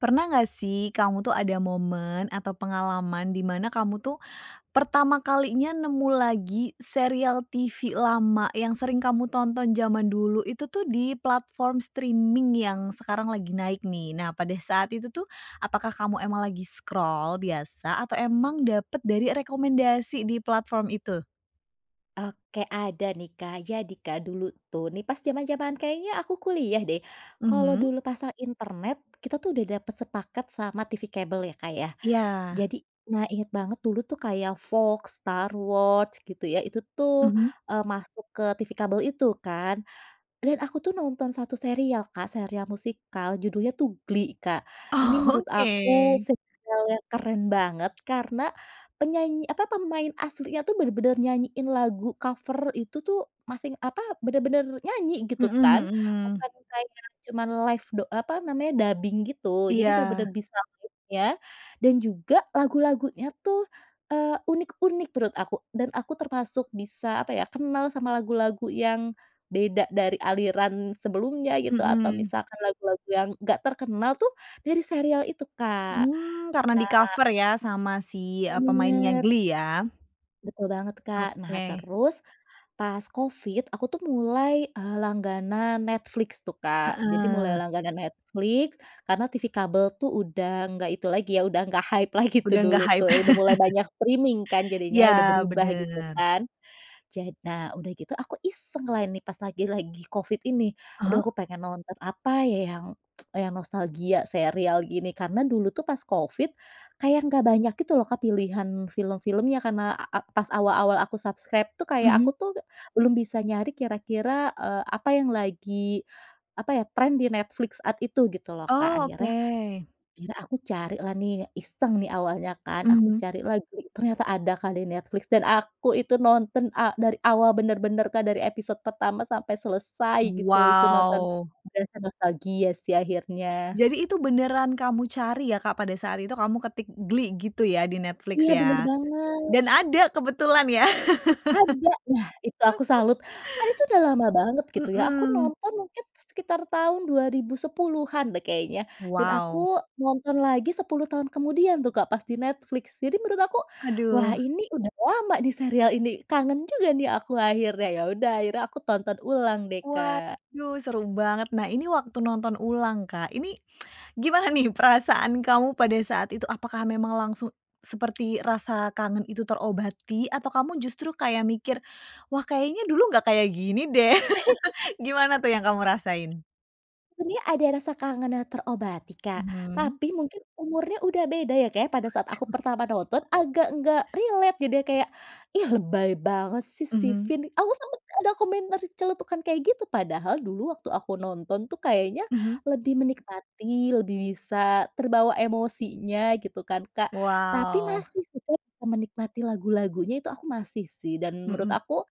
Pernah nggak sih kamu tuh ada momen atau pengalaman di mana kamu tuh pertama kalinya nemu lagi serial TV lama yang sering kamu tonton zaman dulu itu tuh di platform streaming yang sekarang lagi naik nih? Nah pada saat itu tuh apakah kamu emang lagi scroll biasa atau emang dapet dari rekomendasi di platform itu? Oke ada nih Kak jadi kan dulu tuh nih pas zaman-zaman kayaknya aku kuliah deh kalau Mhm. dulu pasang internet kita tuh udah dapet sepaket sama TV kabel ya Kak ya. Iya. Jadi nah ingat banget dulu tuh kayak Fox, Star Watch gitu ya itu tuh, Mhm. eee, masuk ke TV kabel itu kan, dan aku tuh nonton 1 serial Kak, serial musikal judulnya tuh Glee Kak. Ini Oh menurut aku oke. serial yang keren banget karena penyanyi apa pemain aslinya tuh bener-bener nyanyiin lagu cover itu tuh masih apa, bener-bener nyanyi gitu Mhm kan mhm. bukan kayak cuma live da eee, apa namanya dubbing gitu, jadi Iya. bener-bener bisa liriknya, dan juga lagu-lagunya tuh, eee, unik-unik menurut aku dan aku termasuk bisa apa ya kenal sama lagu-lagu yang beda dari aliran sebelumnya gitu atau Mhm. misalkan lagu-lagu yang enggak terkenal tuh dari serial itu Kak. Mmm karena Nah di-cover ya sama si, eee, pemainnya bener. Glee ya? Betul banget Kak. Nah Oke. terus pas Covid aku tuh mulai eee langganan Netflix tuh Kak, jadi mulai Heeh. langganan Netflix karena TV kabel tuh udah nggak itu lagi ya udah nggak hype lagi tuh Udah nggak dulu hype. tuh udah mulai banyak streaming kan Iya jadinya udah berubah gitu bener. kan. Jad nah udah gitu aku iseng lah ini pas lagi lagi Covid ini. Ah Aduh hah? aku pengen nonton apa ya yang yang nostalgia serial gini karena dulu tuh pas Covid kayak nggak banyak gitu loh Kak pilihan film-filmnya karena a pas awal-awal aku subscribe tuh kayak Mhm. aku tuh belum bisa nyari kira-kira, eee, apa yang lagi apa ya trend di Netflix saat itu gitu loh Kak. Oh Akhirnya oke. iya aku carilah nih iseng nih awalnya kan, aku Mhm. cari lah Glee, ternyata ada Kak di Netflix dan aku itu nonton a dari awal bener-bener Kak dari episode pertama sampai selesai gitu itu nonton, Wow. berasa nostalgia sih akhirnya. Jadi itu beneran kamu cari ya Kak pada saat itu kamu ketik "Glee" gitu ya di Netflix Iya bener ya banget. dan ada kebetulan ya. Ada! Nah itu aku salut. Kan itu udah lama banget gitu ya aku Mhm. nonton mungkin sekitar tahun 2010-an deh kayaknya dan aku Wow. nonton lagi 10 tahun kemudian tuh Kak, pas di Netflix jadi menurut aku wah Aduh. ini udah lama di serial ini kangen juga nih aku akhirnya. Ya udah akhirnya aku tonton ulang deh Kak. Waduh seru banget. Nah ini waktu nonton ulang, Kak. Ini gimana nih perasaan kamu pada saat itu? Apakah memang langsung seperti rasa kangen itu terobati? Atau kamu justru kayak mikir wah kayaknya dulu nggak kayak gini deh gimana tuh yang kamu rasain? Sebenernya ada rasa kangen yang terobati Kak, Mhm. tapi mungkin umurnya udah beda ya Kak ya pada saat aku Waduh. pertama nonton, agak nggak relate jadinya kayak, "Ih lebay banget sih si Mhm. Finn," aku sempet ada komentar celetukan kayak gitu, padahal dulu waktu aku nonton tuh kayaknya Mhm. lebih menikmati, lebih bisa terbawa emosinya gitu kan Kak, tapi Wow. masih sih Kak kumenikmati lagu-lagunya itu aku masih sih dan menurut Heeh. aku,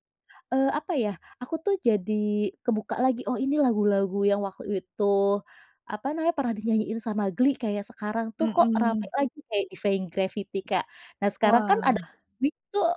eee, apa ya aku tuh jadi kebuka lagi, oh ini lagu-lagu yang waktu itu apa namanya pernah dinyanyiin sama Glee kayak sekarang tuh kok rame Heeh. lagi kayak Vein Gravity Kak. Nah sekarang kan Wah. ada [unintelligible] tuh,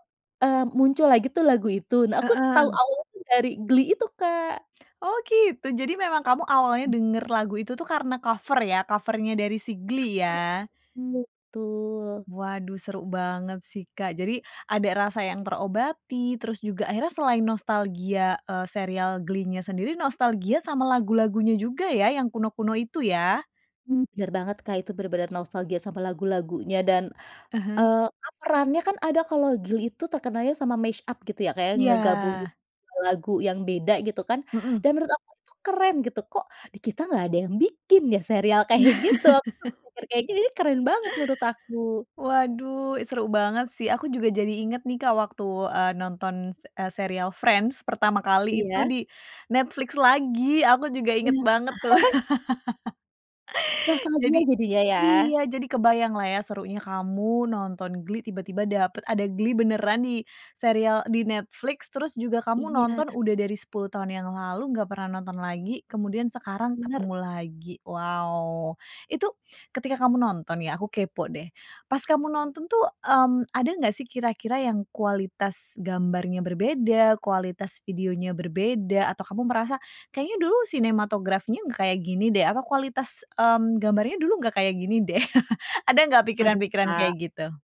eee, muncul lagi tuh lagu itu. Nah aku tahu Heeh. awalnya itu dari Glee itu Kak. Oh gitu jadi memang kamu awalnya Mmm. denger lagu itu tuh karena cover ya, cover-nya dari si [unintelligible] Glee ya. Iya betul. Waduh seru banget sih Kak, jadi ada rasa yang terobati, terus juga akhirnya selain nostalgia, eee, serial Glee-nya sendiri nostalgia sama lagu-lagunya juga ya yang kuno-kuno itu ya? Mmm, bener banget Kak itu benar-benar nostalgia sama lagu-lagunya dan, Ah hah. eee, kan perannya kan ada kalau Glee itu terkenalnya sama mash-up gitu ya kayak ngegabung Iya. 2 lagu yang beda gitu kan Heeh. dan menurut aku tuh keren gitu, kok di kita nggak ada yang bikin ya serial kayak gitu, aku kepikir kayak, ih keren banget menurut aku. Waduh seru banget sih aku juga jadi inget nih Kak waktu, eee, nonton, eee, serial Friends pertama kali itu Iya. di Netflix lagi, aku juga inget Iya. banget tuh. Nostalgia Jadi jadinya ya. iya jadi kebayang lah ya serunya kamu nonton Glee tiba-tiba dapet, ada Glee beneran di serial di Netflix terus juga kamu Iya. nonton udah dari 10 tahun yang lalu nggak pernah nonton lagi kemudian sekarang Bener. ketemu lagi. Wow! Itu ketika kamu nonton ya, aku kepo deh. Pas kamu nonton tuh, mmm, ada nggak sih kira-kira yang kualitas gambarnya berbeda, kualitas videonya berbeda, atau kamu merasa kayaknya dulu sinematografinya nggak kayak gini deh atau kualitas, mmm, gambarnya dulu nggak kayak gini deh, ada nggak Aduh pikiran-pikiran Kak. kayak gitu?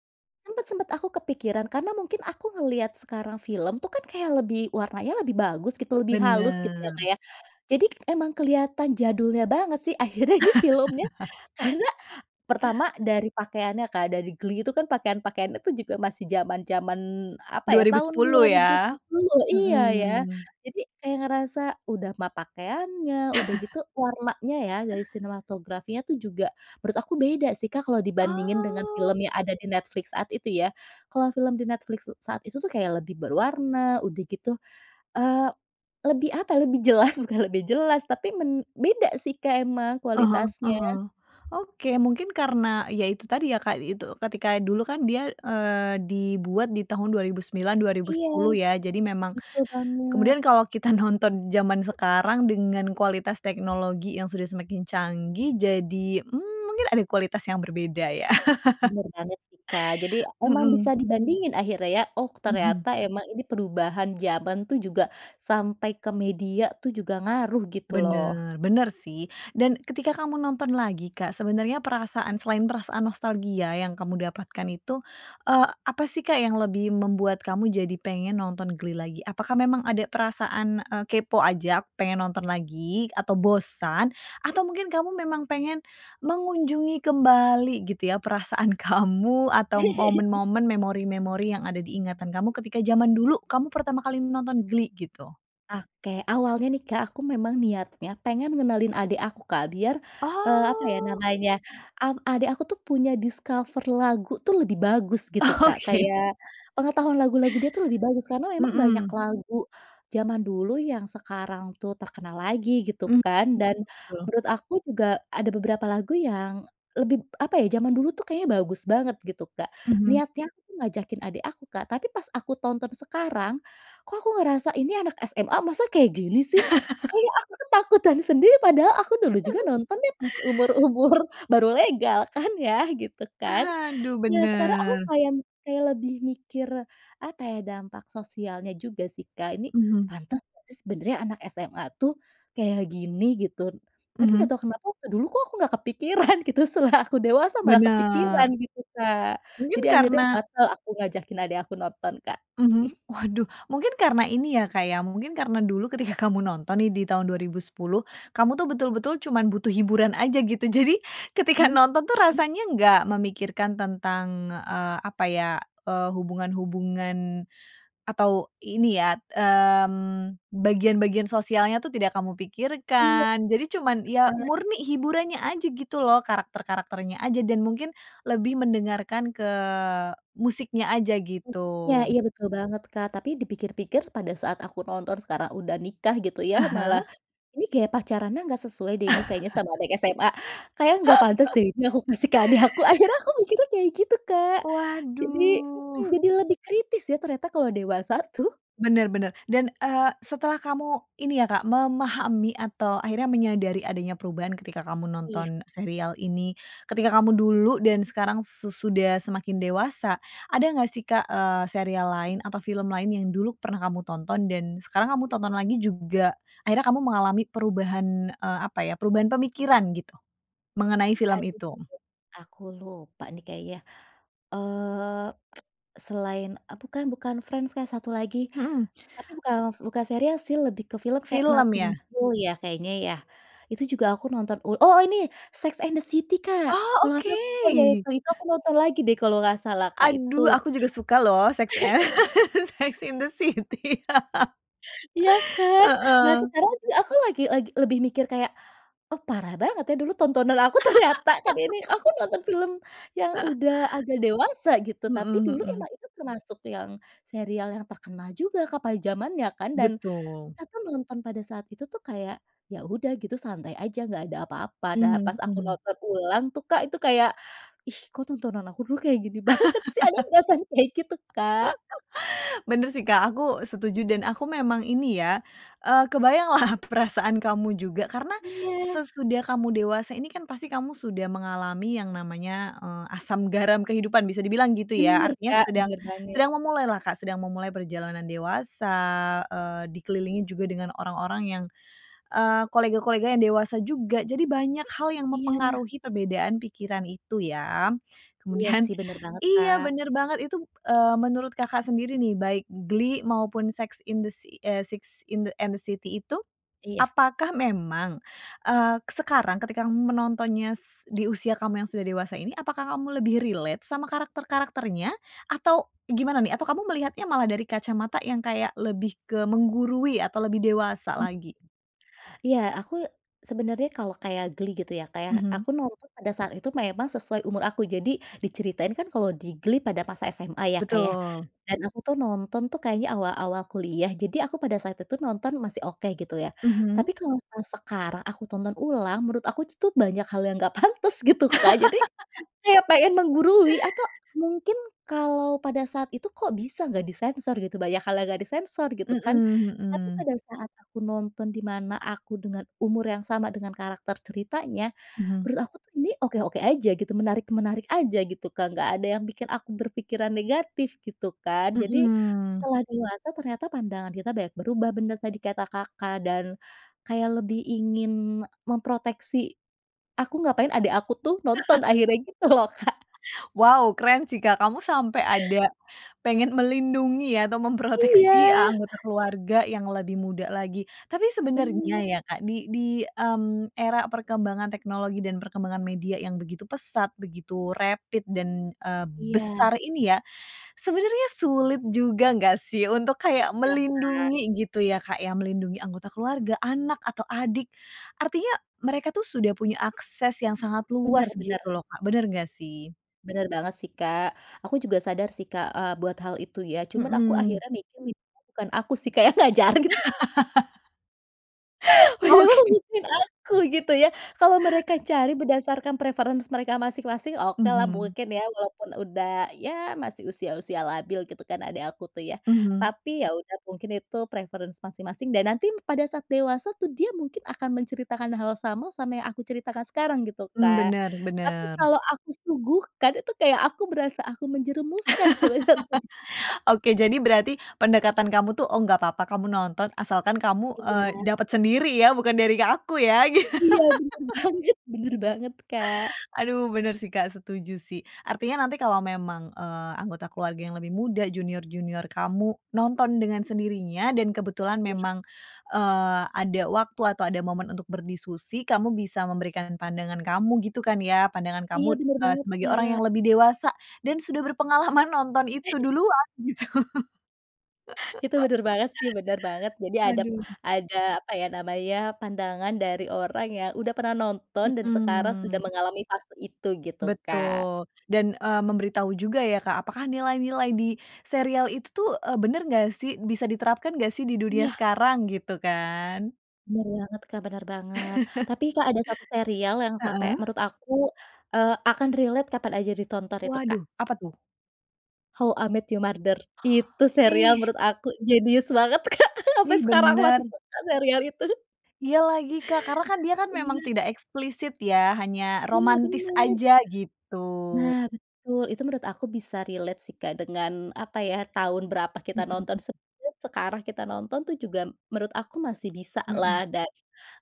Sempat sempat aku kepikiran karena mungkin aku ngelihat sekarang film tuh kan kayak lebih warnanya lebih bagus gitu lebih halus gitu ya Kak Bener. ya. Jadi emang kelihatan jadulnya banget sih akhirnya ini filmnya karena pertama dari pakaiannya Kak dari Glee itu kan pakaian-pakaian itu juga masih zaman-zaman apa dua ya, ribu tahun dua sepuluh ribu ya. sepuluuh iya ya Mhm. jadi kayak ngerasa udah mah pakaiannya, udah gitu warnanya ya dari sinematografinya tuh juga menurut aku beda sih Kak kalau dibandingin dengan Oh. film yang ada di Netflix saat itu ya. Kalau film di Netflix s saat itu tuh kayak lebih berwarna udah gitu, eee, lebih apa lebih jelas bukan lebih jelas tapi men beda sih Kak emang Ah hah ah kualitasnya. hah. Oke mungkin karena ya itu tadi ya Kak, eee, itu ketika dulu kan dia, eee, dibuat di tahun 2009, dua ribu Iya. sepuluh ya jadi memang Betul banget. kemudian kalau kita nonton jaman sekarang dengan kualitas teknologi yang sudah semakin canggih jadi, mmm, mungkin ada kualitas yang berbeda ya. Bener banget sih Kak. Jadi emang Mhm. bisa dibandingin akhirnya ya, oh Mhm. ternyata emang ini perubahan zaman tuh juga sampai ke media tuh juga ngaruh gitu loh. Bener. Bener sih dan ketika kamu nonton lagi Kak sebenarnya perasaan, selain perasaan nostalgia yang kamu dapatkan itu, eee, apa sih Kak yang lebih membuat kamu jadi pengen nonton Glee lagi? Apakah memang ada perasaan, eee, kepo aja pengen nonton lagi atau bosan? Atau mungkin kamu memang pengen mengunjungi kembali gitu ya perasaan kamu atau momen-momen, memori-memori yang ada di ingatan kamu ketika zaman dulu kamu pertama kali nonton Glee gitu? Oke awalnya nih Kak aku memang niatnya pengen ngenalin adik aku Kak biar, eee, apa ya Oh. namanya, mmm, adik aku tuh punya discover lagu tuh lebih bagus gitu Kak Oke. kayak pengetahuan lagu-lagu dia tuh lebih bagus, karena memang banyak Mhm. lagu zaman dulu yang sekarang tuh terkenal lagi gitu Mmm kan, dan betul betul. menurut aku juga ada beberapa lagu yang lebih apa ya, zaman dulu tuh kayaknya bagus banget gitu Kak. Mhm. Niatnya aku ngajakin adik aku Kak, tapi pas aku tonton sekarang kok aku ngerasa ini anak SMA masa kayak gini sih, kayak aku tuh takutan sendiri padahal aku dulu juga nonton ya pas umur-umur baru legal kan ya gitu kan. Aduh Iya, sekarang aku bener. kayak kayak lebih mikir apa ya, dampak sosialnya juga sih Kak, ini Mhm. pantes ngga sih sebenarnya anak SMA tuh kayak gini gitu. Tapi nggak Mhm. tahu kenapa waktu dulu kok aku nggak kepikiran gitu setelah aku dewasa malah kepikiran Bener. gitu Kak. Mungkin Jadi akhirnya karna batal aku ngajakin adik aku nonton Kak. mhm, waduh mungkin karena ini ya Kak ya mungkin karena dulu ketika kamu nonton nih di tahun 2010, kamu tuh betul-betul cuman butuh hiburan aja gitu jadi ketika Mhm, nonton tuh mmm. rasanya enggak memikirkan tentang, eee, apa ya, eee, hubungan-hubungan atau ini ya, mmm, bagian-bagian sosialnya tuh tidak kamu Iya. pikirkan, jadi cuman ya Bener banget. murni hiburannya aja gitu loh, karakter-karakternya aja dan mungkin lebih mendengarkan ke musiknya aja gitu. Musik ya, Iya betul banget Kak, tapi dipikir-pikir pada saat aku tonton sekarang udah nikah gitu ya, Ah hah? malah ini gaya pacarannya nggak sesuai deh ini kayaknya sama anak SMA, kayaknya nggak pantes deh ini aku kasih ke adik aku akhirnya aku mikir kayak gitu Kak jadi mhm, Waduh. jadi lebih kritis ya ternyata kalau dewasa tuh. Bener bener dan, eee, setelah kamu ini ya Kak memahami atau akhirnya menyadari adanya perubahan ketika kamu Iya. nonton serial ini, ketika kamu dulu dan sekarang sesudah semakin dewasa, ada nggak sih Kak, eee, serial lain atau film lain yang dulu pernah kamu tonton dan sekarang kamu tonton lagi juga akhirnya kamu mengalami perubahan, eee, apa ya perubahan pemikiran gitu, mengenai Aduh film [unintelligible] itu? aku lupa nih kayaknya, eee, selain, eee, bukan bukan Friends Kak, satu lagi, Mhm. tapi bukan bukan serial sih lebih ke film kayak Film Nothing ya. You Know ya kayaknya ya, itu juga aku nonton oh oh ini! Sex And The City Kak. Oh Kalau nggak salah oh iya oke. itu Itu aku nonton lagi deh kalau nggak salah Kak itu. Aduh aku juga suka loh Sex e Sex in the City, Iya kan. Nah heeh. sekarang sih aku lagi lagi lebih mikir kayak, oh parah banget ya dulu tontonan aku ternyata kan ini aku nonton film yang udah agak dewasa gitu, tapi Mhm dulu mhm. emang itu termasuk yang serial yang terkenal juga Kak pada zamannya kan, dan Betul. kita pun nonton pada saat itu tuh kayak ya udah gitu santai aja nggak ada apa-apa, nah pas Mhm aku mhm. nonton ulang tuh Kak itu kayak, ih kok tontonan aku dulu kayak gini banget sih, ada perasaan kayak gitu Kak. Bener sih Kak, aku setuju dan aku memang ini ya, eee, kebayanglah perasaan kamu juga karena Iya. sesudah kamu dewasa ini kan pasti kamu sudah mengalami yang namanya, eee, asam garam kehidupan, bisa dibilang gitu ya. Bener Artinya Kak, sedang bener banget. sedang memulailah Kak, sedang memulai perjalanan dewasa, eee, dikelilingi juga dengan orang-orang yang, eee, kolega-koleganya yang dewasa juga. Jadi banyak hal yang Iya. mempengaruhi perbedaan pikiran itu ya. Iya Kemudian sih bener banget iya Kak. bener banget itu, eee, menurut Kakak sendiri nih, baik Glee maupun sex in the si eee, Six in and the city itu, Iya. apakah memang, eee, sekarang ketika kamu menontonnya s di usia kamu yang sudah dewasa ini apakah kamu lebih relate sama karakter-karakternya atau gimana nih? Atau kamu melihatnya malah dari kacamata yang kayak lebih ke menggurui atau lebih dewasa lagi? Iya aku sebenarnya kalau kayak Glee gitu ya Kak ya, Mhm. aku nonton pada saat itu memang sesuai umur aku, jadi diceritain kan kalau di Glee pada masa SMA ya Kak ya Betul. dan aku tuh nonton tuh kayaknya awal-awal kuliah, jadi aku pada saat itu nonton masih oke gitu ya. Mhm. Tapi kalau, eee, sekarang aku tonton ulang menurut aku itu tuh banyak hal yang nggak pantes gitu Kak, jadi kayak pengen menggurui. Atau mungkin kalau pada saat itu kok bisa nggak disensor gitu, banyak hal yang nggak disensor gitu Heeh kan. Tapi heeh. pada saat aku nonton di mana aku dengan umur yang sama, dengan karakter ceritanya, Mhm. menurut aku tuh ini oke-oke aja gitu, menarik-menarik aja gitu Kak, nggak ada yang bikin aku berpikiran negatif gitu kan. Jadi Mhm. setelah dewasa ternyata pandangan kita banyak berubah, bener tadi kata Kakak dan kayak lebih ingin memproteksi. Aku ga pengen adik aku tuh nonton akhirnya gitu loh Kak. Wow keren sih Kak! Kamu sampai ada pengen melindungi atau memproteksi Iya! anggota keluarga yang lebih muda lagi, tapi sebenarnya Bener. ya Kak di di, mmm, era perkembangan teknologi dan perkembangan media yang begitu pesat begitu rapid dan, eee, Iya. besar ini ya, sebenarnya sulit juga nggak sih untuk kayak Iya Kak. melindungi gitu ya Kak, ya, melindungi anggota keluarga, anak, atau adik, artinya mereka tuh sudah punya akses yang sangat Bener luas bener. gitu loh Kak, bener nggak sih? Bener banget sih Kak aku juga sadar sih Kak, eee, buat hal itu ya cuman aku Mhm. akhirnya mikir minimal bukan aku sih Kak yang ngajarin. Padahal Oke. mungkin aku gitu ya, kalau mereka cari berdasarkan preference mereka masing-masing okelah Mhm. mungkin ya walaupun udah ya masih usia-usia labil gitu kan, adik aku tuh ya. Mhm. Tapi ya udah mungkin itu preference masing-masing dan nanti pada saat dewasa tuh dia mungkin akan menceritakan hal yang sama, sama yang aku ceritakan sekarang gitu Mmm Kak. bener Tapi bener. kalau aku suguhkan itu kayak aku berasa aku menjerumuskan sebenarnya juga. Oke jadi berarti pendekatan kamu tuh, oh gak papa kamu nonton asalkan kamu, eee, Iya. dapat sendiri ya bukan dari aku ya. Iya bener banget bener banget Kak. Aduh bener sih Kak setuju sih. Artinya nanti kalau memang, eee, anggota keluarga yang lebih muda, junior-junior kamu nonton dengan sendirinya dan kebetulan Iya. memang, eee, ada waktu atau ada momen untuk berdiskusi, kamu bisa memberikan pandangan kamu gitu kan ya pandangan Iya kamu, bener eee, banget sebagai orang Kak. yang lebih dewasa dan sudah berpengalaman nonton itu duluan gitu. Itu bener banget sih, bener banget jadi ada p Aduh. ada apa ya namanya, pandangan dari orang yang udah pernah nonton dan sekarang sudah Mhm. mengalami fase itu gitu Kak. Betul dan, eee, memberitahu juga ya Kak apakah nilai-nilai di serial itu tuh, eee, bener nggak sih? Bisa diterapkan nggak sih di dunia Iya. sekarang gitu kan? Bener banget Kak, bener banget tapi Kak ada satu serial yang sampai Heeh. menurut aku, eee, akan relate kapan aja ditonton itu Kak. Waduh apa tuh? How I Met Your Mother, itu serial Ih. menurut aku jenius banget Kak sampai Ih sekarang aku bener. masih suka serial itu. Iya lagi Kak karena, kan dia kan memang Iya. tidak eksplisit ya hanya Iya romantis bener. aja gitu. Nah betul itu menurut aku bisa relate sih Kak dengan apa ya, tahun berapa kita Mhm, nonton, mmm. sebenarnya sekarang kita nonton tuh juga menurut aku masih Mhm. bisalah, dan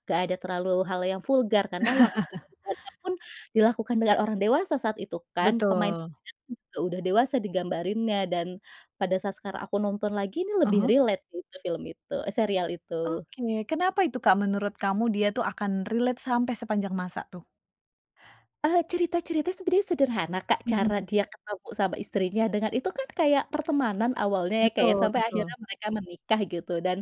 nggak ada terlalu hal yang vulgar, karena waktu adegannya pun dilakukan dengan orang dewasa saat itu kan, pemainnya Betul. itu sudah dewasa digambarinnya dan pada saat sekarang aku nonton lagi ini Ah lebih hah. relate sih film itu eh serial itu. Oke kenapa itu Kak menurut kamu dia tuh akan relate sampai sepanjang masa tuh? Eee, cerita-cerita sebenernya sederhana, Kak, Mhm. cara dia ketemu sama istrinya dengan itu kan, kayak pertemanan awalnya ya, Kak, ya. Betul, Sampai akhirnya betul. mereka menikah gitu, dan,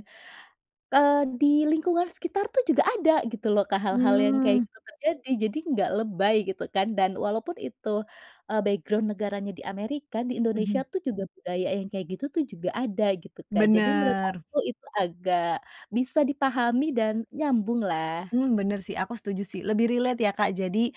eee, di lingkungan sekitar tuh, juga ada gitu loh, Kak, hal-hal yang kayak Mmm. gitu terjadi. Jadi, nggak lebay gitu kan dan walaupun itu, eh, background negaranya di Amerika, di Indonesia Mhm. tuh, juga budaya yang kayak gitu tuh juga ada gitu, Kak, jadi menurut Bener. aku itu agak bisa dipahami dan nyambung lah. Mmm, bener sih aku setuju sih, lebih relate ya, Kak, jadi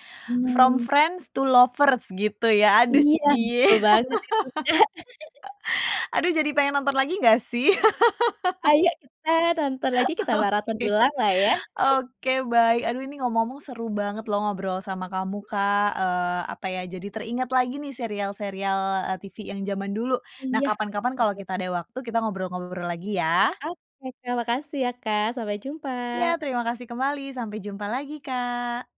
From Hmm. Friends to Lovers gitu ya, aduh Iya cie. betul banget itu, Kak. Aduh jadi pengen nonton lagi nggak sih? Ayo kita nonton lagi, kita marathon Oke ulang lah ya. oke, baik aduh ini ngomong-ngomong seru banget loh ngobrol sama kamu, Kak, eee, apa ya, jadi teringat lagi nih serial-serial, eee, TV yang jaman dulu, nah iya, kapan-kapan kalau bener. kita ada waktu, kita ngobrol-ngobrol lagi ya. Oke, Kak, makasih ya, Kak. Sampai Jumpa. Ya terima kasih kembali, sampai jumpa lagi, Kak.